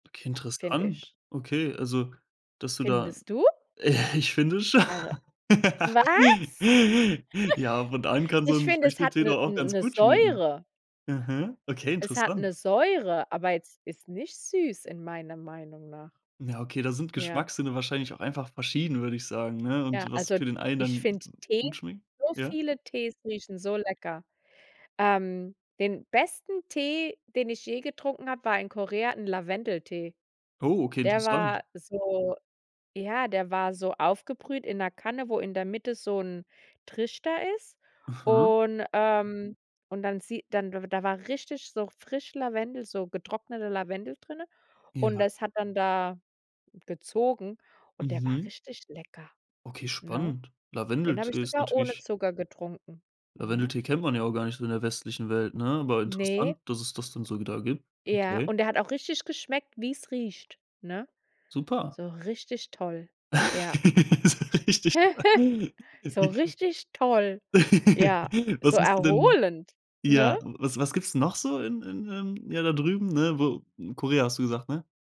Okay, Finde interessant. ich. Okay, also, dass du da Findest du? Ich finde schon Eure was? ja, und allen kann so Ich 'n finde, es hat Früchtetee 'ne doch auch ganz 'ne gut schmecken. Säure. Aha, okay, Es hat interessant. 'ne Säure, aber jetzt ist nicht süß in meiner Meinung nach. Ja, okay, da sind Ja. Geschmackssinne wahrscheinlich auch einfach verschieden, würde ich sagen, ne? Und Ja, was also, für den einen ich dann g finde Tee, gut schmeckt so ja? viele Tees riechen so lecker. Ähm, den besten Tee, den ich je getrunken habe, war in Korea 'n Lavendeltee. Oh, okay, Der interessant. war so ja, der war so aufgebrüht in 'ner Kanne, wo in der Mitte so 'n Trichter ist. Aha. Und, ähm und dann sieht dann da war richtig so frisch Lavendel, so getrockneter Lavendel drin. Und Ja. das hat dann da gezogen und der war Mhm. richtig lecker, Okay, ne? spannend. Den habe ich Lavendeltee ist sogar ohne natürlich Zucker getrunken. Mhm. Lavendeltee kennt man ja auch gar nicht so in der westlichen Welt, ne, aber Ne. interessant, dass es das dann so wieder gibt. Ja, Okay. und der hat auch richtig geschmeckt, wie es riecht, ne? Super. So richtig toll, ja. So richtig. So richtig toll, ja, so Was hast du denn erholend, ja, ne? was was gibt's noch so in in, ähm ja, da drüben, ne, wo Korea hast du gesagt, ne?